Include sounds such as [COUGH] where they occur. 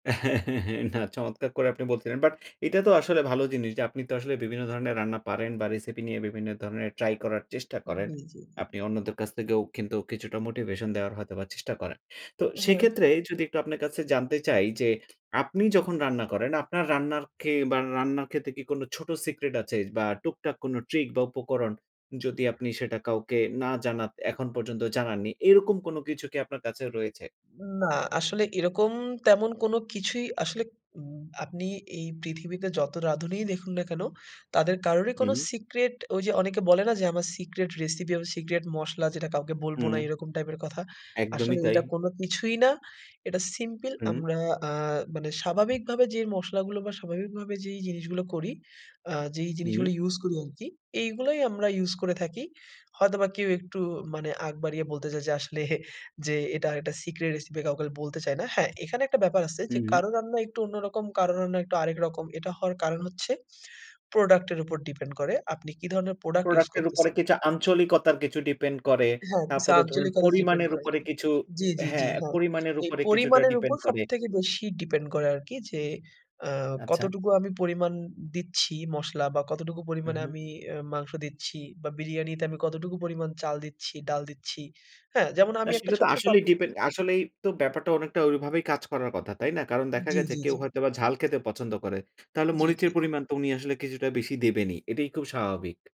[GIGGLES] না চমৎকার করে আপনি বলছিলেন। বাট এটা তো আসলে ভালো জিনিস যে, আপনি তো আসলে বিভিন্ন ধরনের রান্না পারেন বা রেসিপি নিয়ে বিভিন্ন ধরনের ট্রাই করার চেষ্টা করেন। জী, জী, জী। আপনি অন্যদের কাছ থেকেও কিন্তু, কিছুটা মোটিভেশন দেওয়ার হয়তো বা চেষ্টা করেন। তো হ্যাঁ। সেক্ষেত্রে যদি একটু আপনার কাছে জানতে চাই যে, আপনি যখন রান্না করেন, আপনার রান্নার কে বা রান্না খেতে কি কোন ছোট সিক্রেট আছে বা টুকটাক কোন ট্রিক বা উপকরণ? যদি আপনি সেটা কাউকে না জানান এখন পর্যন্ত জানান নি। এরকম কোন কিছু কি আপনার কাছে রয়েছে? না, আসলে এরকম তেমন কোন কিছুই আসলে উম আপনি এই পৃথিবীতে যত রাঁধুনিই দেখুন না কেন, তাদের কারোরই কোন হুম। সিক্রেট, ওই যে অনেকে বলে না? যে "আমার সিক্রেট রেসিপি, আমার সিক্রেট মসলা, যেটা কাউকে বলব না," হুম। এরকম টাইপের কথা। একদমই আসলে তাই। এটা কোন কিছুই না। এটা সিম্পল হুম। আমরা আ মানে স্বাভাবিকভাবে যে মসলাগুলো বা স্বাভাবিকভাবে যেই জিনিসগুলা করি, আ যেই হুম। জিনিসগুলা ইউজ করি আরকি। এগুলোই আমরা ইউজ করে থাকি। হয়তোবা কেউ একটু মানে আগ বাড়িয়ে বলতে যায় যে, আসলে যে এটা আর একটা সিক্রেট রেসিপি, কাউকে বলতে চাই না। হ্যাঁ, এখানে একটা ব্যাপার আছে যে, হু। কারো রান্না একটু অন্যরকম, কারো রান্না একটু আরেক রকম। এটা হওয়ার কারণ হচ্ছে, প্রোডাক্ট এর উপর ডিপেন্ড করে। আপনি কি ধরনের প্রোডাক্ট ইউজ প্রোডাক্ট এর উপরে করতেছেন? কিছু আঞ্চলিকতার কিছু ডিপেন্ড করে। হ্যাঁ, কিছু তারপরে ধরুন, আঞ্চলিকতা ডিপেন্ড পরিমাণের করে আর উপরে কি কিছু জি, জি, জি, হ্যাঁ, হ্যাঁ। পরিমাণের এই উপরে কিছুটা পরিমাণের উপর ডিপেন্ড করে। সবথেকে বেশি ডিপেন্ড করে আরকি যে, আ আচ্ছা। কতটুকু আমি পরিমাণ দিচ্ছি মসলা বা কতটুকু পরিমাণে উহু। আমি অ্যা মাংস দিচ্ছি বা বিরিয়ানিতে আমি কতটুকু পরিমাণ চাল দিচ্ছি, ডাল দিচ্ছি। হ্যাঁ? যেমন না আমি একটা সেটা তো ছোট্ট আসলেই টপিক ডিপেন্ড, আসলেই তো ব্যাপারটা অনেকটা ওইভাবেই কাজ করার কথা, তাই না? কারণ দেখা জি, গেছে, জি, কেউ জি। হয়তো ঝাল খেতে পছন্দ করে। তাহলে জি, জি, মরিচের জি। পরিমাণ তো উনি আসলে কিছুটা বেশি দেবেনই, এটাই খুব স্বাভাবিক।